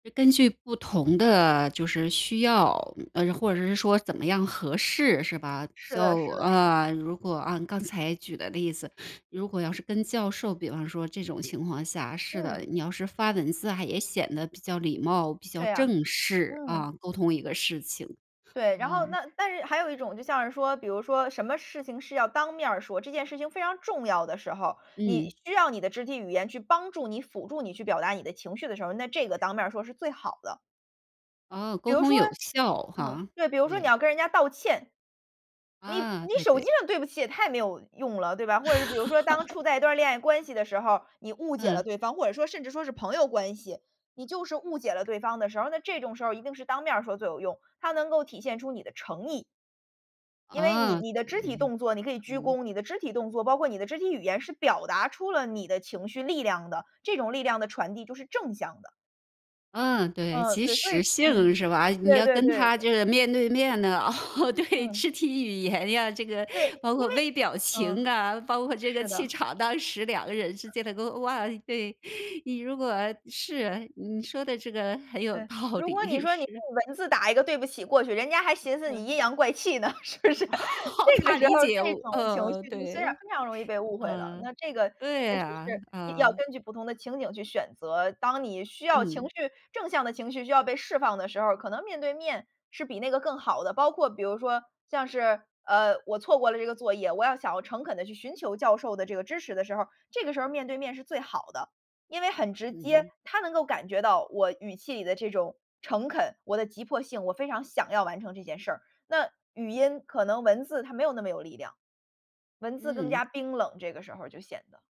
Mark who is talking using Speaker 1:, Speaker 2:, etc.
Speaker 1: 是根据不同的就是需要，呃，或者是说怎么样合适，是吧？
Speaker 2: 是的
Speaker 1: 就
Speaker 2: 是的是的。
Speaker 1: 呃，如果按刚才举的例子，如果要是跟教授，比方说这种情况下是
Speaker 2: 嗯。
Speaker 1: 的，你要是发文字啊，也显得比较礼貌，比较
Speaker 2: 对啊，
Speaker 1: 正式，啊，
Speaker 2: 嗯。
Speaker 1: 沟通一个事情。
Speaker 2: 对，然后
Speaker 1: 嗯。
Speaker 2: 那但是还有一种就像是说，比如说什么事情是要当面儿说，这件事情非常重要的时候，你
Speaker 1: 嗯。
Speaker 2: 需要你的肢体语言去帮助你、辅助你去表达你的情绪的时候，那这个当面儿说是最好的。
Speaker 1: 哦，
Speaker 2: 比
Speaker 1: 沟
Speaker 2: 如
Speaker 1: 通
Speaker 2: 说
Speaker 1: 有效
Speaker 2: 嗯，
Speaker 1: 哈，
Speaker 2: 对。比如说你
Speaker 1: 对。
Speaker 2: 要跟人家道歉，你
Speaker 1: 啊，
Speaker 2: 你
Speaker 1: 对
Speaker 2: 手机
Speaker 1: 对。
Speaker 2: 上“对不起”也太没有用了，对吧。或者是比如说当处在一段恋爱关系的时候，你 误解了
Speaker 1: 嗯。
Speaker 2: 对方，或者说甚至说是朋友关系，你就是误解了对方的时候，那这种时候一定是当面儿说最有用，它能够体现出你的诚意。因为你
Speaker 1: 啊，
Speaker 2: 你的肢体
Speaker 1: 对。
Speaker 2: 动作，你可以鞠
Speaker 1: 嗯。
Speaker 2: 躬你的肢体动作，包括你的肢体语言，是表达出了你的情绪力量的。这种力量的传递就是正向的。
Speaker 1: 嗯，对。
Speaker 2: 嗯，
Speaker 1: 即
Speaker 2: 对，所
Speaker 1: 时
Speaker 2: 以嗯，
Speaker 1: 性，是吧？你
Speaker 2: 对
Speaker 1: 要
Speaker 2: 对
Speaker 1: 跟
Speaker 2: 对。
Speaker 1: 他这个面对面的，哦，对，
Speaker 2: 嗯。
Speaker 1: 肢体语言呀，这个
Speaker 2: 对，
Speaker 1: 包
Speaker 2: 因
Speaker 1: 括
Speaker 2: 为
Speaker 1: 微表情
Speaker 2: 嗯。
Speaker 1: 啊，包括这个
Speaker 2: 是
Speaker 1: 气
Speaker 2: 的。
Speaker 1: 场，当时两个人之间的哇，对。你如果是，你说的这个很有
Speaker 2: 对。
Speaker 1: 道
Speaker 2: 如果你
Speaker 1: 理，
Speaker 2: 说你
Speaker 1: 是。
Speaker 2: 用文字打一个“对不起”过去，人家还寻思
Speaker 1: 嗯。
Speaker 2: 你阴阳怪气呢，是不是？这 个
Speaker 1: 怕
Speaker 2: 时候
Speaker 1: 理解有
Speaker 2: 这
Speaker 1: 误，
Speaker 2: 种情
Speaker 1: 呃，
Speaker 2: 绪就虽然
Speaker 1: 对。
Speaker 2: 非常容易被误会了。
Speaker 1: 嗯，
Speaker 2: 那这个确
Speaker 1: 对
Speaker 2: 实
Speaker 1: 啊，
Speaker 2: 是要
Speaker 1: 嗯。
Speaker 2: 根据不同的情景去选择。当你需要情
Speaker 1: 嗯。
Speaker 2: 绪正向的情绪需要被释放的时候，可能面对面是比那个更好的。包括比如说，像是，呃，我错过了这个作业，我要想要诚恳地去寻求教授的这个支持的时候，这个时候面对面是最好的。因为很直接，
Speaker 1: 嗯。
Speaker 2: 他能够感觉到我语气里的这种诚恳，我的急迫性，我非常想要完成这件事儿。那语音可能文字它没有那么有力量。文字更
Speaker 1: 嗯。
Speaker 2: 加冰冷，这个时候就显得。